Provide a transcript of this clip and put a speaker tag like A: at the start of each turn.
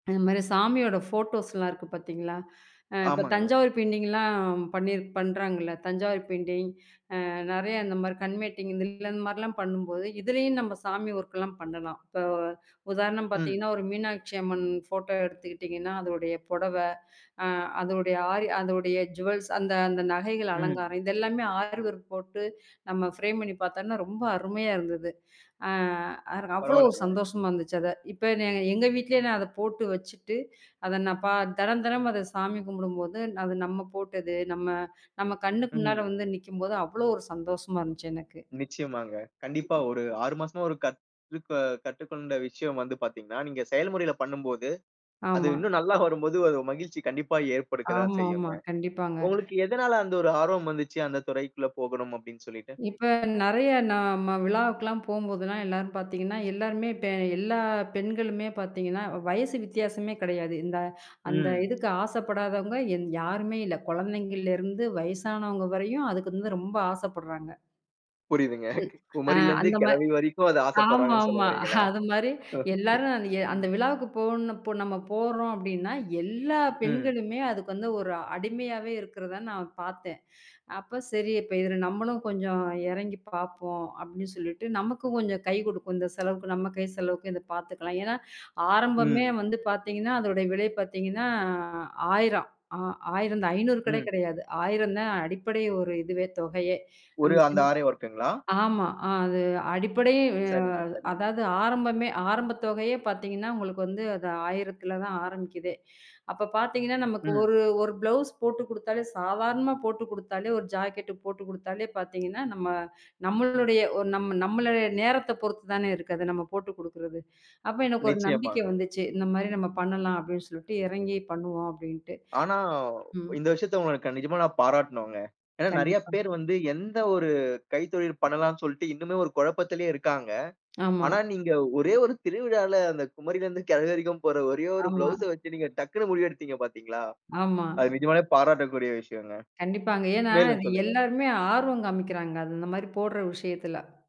A: இந்த மாரி சாமியோட போட்டோஸ்லாம் இருக்கு பாத்தீங்களா? அ இப்போ
B: ஆமாங்க.
A: தஞ்சாவூர் பெயிண்டிங்லாம் பண்ணிரு பண்றாங்கள்ல. தஞ்சாவூர் பெயிண்டிங். அ நிறைய இந்த மாரி கண் மேட்டிங் இந்த இந்த மாரிலாம் பண்ணும் போது, இதுலயும் நம்ப சாமி வோர்க்லாம் பண்ணலாம். இப்போ உதாரணம்
B: ம்.
A: பாத்தீங்கன்னா, ஒரு மீனாட்சி அம்மன் போட்டோ எடுத்துக்கிட்டீங்கன்னா, அதோடைய புடவை, அ அதோடைய அதோடைய அரி ஜூவல்ஸ் அந்த அந்த நகைகள்,
B: ம்.
A: அலங்காரம் இதெல்லாமே ஆரி வொர்க் போட்டு நம்ம ஃபரேம் பண்ணி பார்த்தான்னா, ரொம்ப அருமையா இருந்தது. அ அதுல அவ்ளோ ஒரு
B: பரவாயில்லங்க.
A: சந்தோஷமா இருந்துச்சு, அத. இப்ப நான் எங்க வீட்லயே நான் அதைப் போட்டு வச்சிட்டு, அதை நான் பா தினந்தினம் அத சாமி கும்பிடும்போது, அது நம்ம போட்டது, நம்ம நம்ம கண்ணு முன்னால
B: ம்.
A: வந்து நிக்கும்போது அவ்வளவு ஒரு சந்தோஷமா இருந்துச்சு, எனக்கு.
B: நிச்சயமாங்க. கண்டிப்பா. ஒரு 6 மாசமா ஒரு கத்துக் அ கற்றுக்கொண்ட விஷயம் வந்து பார்த்தீங்கன்னா, நீங்க செயல்முறையில பண்ணும்போது அது
A: ஆமா.
B: இன்னும் நல்லா வரும்போது ஒரு மகிழ்ச்சி கண்டிப்பா ஏற்படுக்கதான்
A: ஆமா ஆமா.
B: செய்யும்ங்க.
A: கண்டிப்பாங்க.
B: உங்களுக்கு எதனால அந்த ஒரு ஆர்வம் வந்துச்சு அந்தத் துறைக்குள்ள போகணும் அப்பிடின்னு சொல்லிட்டு?
A: இப்ப நிறைய நம்ம விழாவுக்கு எல்லாம் போகும்போது எல்லாரும் பார்த்தீங்கன்னா, எல்லாருமே, இப்ப எல்லா பெண்களுமே பார்த்தீங்கன்னா, வயசு வித்தியாசமே கிடையாது. இந்த அந்த
B: ம்.
A: இதுக்கு ஆசைப்படாதவங்க எந் யாருமே இல்ல. குழந்தைங்களருந்து வயசானவங்க வரையும் அதுக்கு வந்து ரொம்ப ஆசைப்படுறாங்க.
B: புரியுதுங்க.
A: ம். அ
B: குமரியிலிருந்து,
A: அந்த மா
B: கிழவி வரைக்கும் அது ஆசைப்படுறாங்கன்னு சொல்ல
A: ஆமாமா.
B: வர்றீங்களா?
A: அது மாரி
B: ஓகே.
A: எல்லாரும் அது ய அந்த
B: ம்.
A: விழாவுக்குப் போணு இப்ப நம்ம போறோம் அப்பிடின்னா, எல்லா
B: ம்.
A: பெண்களுமே அதுக்கு வந்து ஒரு அடிமையாவே இருக்கறத நான் பார்த்தேன். அப்பச் சரி. இப்ப இது நம்மளும் கொஞ்சம் இறங்கி பாப்போம். அப்பிடின்னு சொல்லிட்டு. நமக்கும் கொஞ்சம் கைக்கு கொடுக்கும். இந்தச் செலவுக்கு நம்ம கை செலவுக்கு இதைப் பாத்துக்கலாம். ஏன்னா, ஆரம்பமே
B: ம்.
A: வந்து பாத்தீங்கன்னா, அதோட விலை பாத்தீங்கன்னா, 1000 ஆ ஆயிரந்தான். 500 கூட
B: ம்.
A: கிடையாது. 1000 தான் அடிப்படை ஒரு இதுவே, தொகையே. நம்ம
B: ஒரு அந்த
A: செஞ்
B: ஆரீ வொர்க்குங்களா?
A: ஆமா. அது அடிப்படை. அ
B: சரிங்க, சரிங்க.
A: அதாவது ஆரம்பமே ஆரம்பத் தொகையயே பாத்தீங்கன்னா, உங்களுக்கு வந்து அது 1000த்துல தான் ஆரம்பிக்குதே. அப்பப் பாத்தீங்கன்னா, நமக்கு ஒரு
B: ம்.
A: ஒரு பிளவுஸ் போட்டுக் குடுத்தாலே, சாதாரணமா போட்டுக் குடுத்தாலே, ஒரு ஜாக்கெட்டு போட்டுக் குடுத்தாலே பாத்தீங்கன்னா, நம்ம நம்மளுடைய ஒரு நம்ம நம்மளுடைய நேரத்தைப் பொறுத்து தான இருக்கு. அதை நம்ம போட்டுக் குடுக்கிறது. அப்ப எனக்கு ஒரு நம்பிக்கை
B: நிச்சயமாங்க.
A: வந்துச்சு. இந்த மாரி நம்ம பண்ணலாம் அப்பிடின்னு சொல்லிட்டு, இறங்கி பண்ணுவோம், அப்பிடீன்டு.
B: ஆனா,
A: ம்.
B: இந்த விஷயத்தை உங்களுக்கு நிஜமா நான் பாராட்டணும்ங்க. ஏன்னா, நெறைய
A: கண்டிப்பா.
B: பேரு வந்து எந்த ஒரு கைத்தொழில் பண்ணலாம்னு சொல்லிட்டு இன்னுமே ஒரு குழப்பத்திலேயே இருக்காங்க.
A: ஆமா.
B: ஆனா, நீங்க ஒரே ஒரு திருவிழால அந்தக் குமரியிலிருந்து கிழவி வரைக்கும் போட்ற ஒரே ஒரு
A: ஆமா.
B: பிளவுஸ வச்சு நீங்க டக்குன்னு முடிவு எடுத்தீங்க, பார்த்தீங்களா?
A: ஆமா.
B: அது நிஜமாலே பாராட்டக்கூடிய விஷயங்க.
A: கண்டிப்பாங்க. ஏன்னா,
B: மேலும்
A: அது
B: சொல்லுங்க.
A: எல்லாருமே ஆர்வம் காமிக்கிறாங்க. அந்த மாரி போடுற விஷயத்துல.